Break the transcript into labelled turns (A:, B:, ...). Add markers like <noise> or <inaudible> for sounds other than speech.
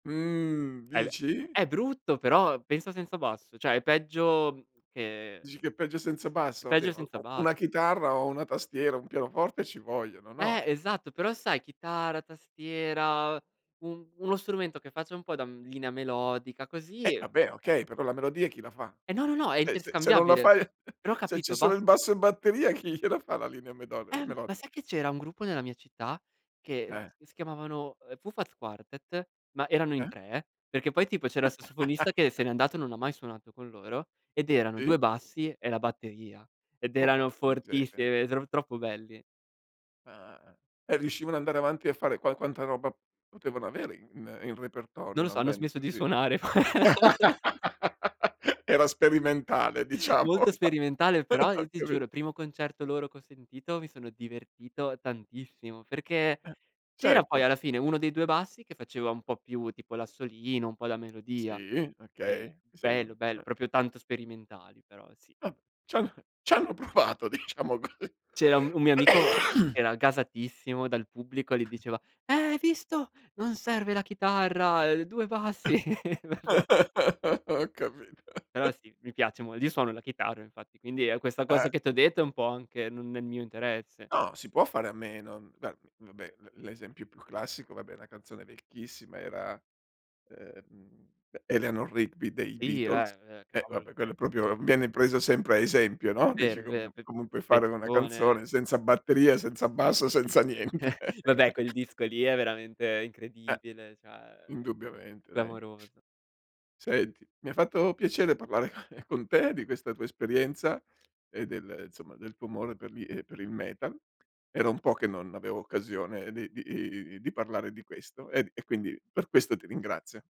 A: Mhmm,
B: È v
A: dici?
B: è brutto, però pensa senza basso; cioè è peggio, mhmm, che
A: Dici che è peggio senza
B: è
A: basso?
B: peggio
A: Oddio,
B: senza
A: o u
B: bass
A: una chitarra o 1 tastiera, 1 pianoforte ci vogliono,
B: Eh,
A: no?
B: esatto, però sai chitarra, tastiera, un uno strumento che faccia un po' da, mhmm, linea melodica, così
A: Eh,
B: e
A: vabbè,
B: eh.
A: okay, pe però la melodia chi la fa?
B: Eh no, no, no, è
A: Cioè se se non la
B: interscambiabile.
A: fai
B: Però ho
A: <chuckles> se c'è
B: capito,
A: solo
B: bas
A: il basso e batteria, chi gliela fa la linea medoli
B: Ehm, ma
A: melodi
B: sai che c'era un gruppo nella mia città, che
A: Eh.
B: che si chiamavano, ehm, Fufat Quartet, ma erano in
A: Eh?
B: 3, perché poi tipo c'era il sassofonista che
A: <laughs>
B: se n'è andato e non mai suonato con loro, ed erano
A: Sì.
B: 2 bassi e la batteria; ed
A: Oh,
B: erano
A: porca miseria.
B: fortissimi, <unintelligible> tro troppo belli.
A: Eh, eh, eh. E riuscivano andare avanti a fare qua quanta roba potevano avere in in repertorio
B: Non lo
A: una
B: so, hanno
A: band
B: smesso di
A: così?
B: suonare poi. <laughs>
A: <laughs> Era sperimentale diciamo.
B: Molto sperimentale, però
A: <laughs> Ho
B: io ti giuro
A: capi
B: il primo concerto loro che ho sentito, mi sono divertito tantissimo, perché
A: Eh,
B: c'era poi
A: certo.
B: alla fine 1 dei 2 bassi che faceva un po' più tipo l'assolino, un po' la melodia,
A: Sì,
B: ehm,
A: okay, ti
B: bello
A: seguo,
B: bello,
A: eh.
B: proprio tanto sperimentali però, sì.
A: Va ciano c'hanno provato diciamo così.
B: C'era un un mio amico che
A: <coughs>
B: era gasatissimo dal pubblico, gli diceva: "Eh hai visto, non serve la chitarra", ehm, "2 bassi." <chuckles> <unintelligible>
A: <laughs> Ho capito.
B: Però
A: <chuckles>
B: sì, mi piace mol io suono la chitarra infatti, quindi, ehm, questa
A: Eh.
B: cosa che t'ho detto, è un po' anche n uhm, nel mio interesse.
A: No, si può fare a meno. Guar v vabbè, l l'esempio più classico, vabbè la canzone vecchissima era, ehm, E Eleanor Rigby dei
B: Sì
A: Beatles;
B: beh, eh,
A: e
B: cavolo
A: vabbè,
B: cioè
A: quello proprio viene preso sempre a esempio,
B: È
A: no, dici,
B: vero, è
A: come
B: vero, v uhm,
A: comunque fare in una
B: persone.
A: canzone senza batteria, senza basso, senza niente. <chuckles>
B: <chuckles> Vabbè quel disco
A: <unintelligible>
B: lì è veramente
A: Eh.
B: incredibile, cioè
A: Indubbiamente dai.
B: clamoroso.
A: Senti, mi ha fatto piacere parlare con con te, di questa tua esperienza, e del insomma del tuo amore per gli ehm, per il metal. Era un po' che non avevo occasione di di i i i di parlare di questo, e e quindi per questo ti ringrazio.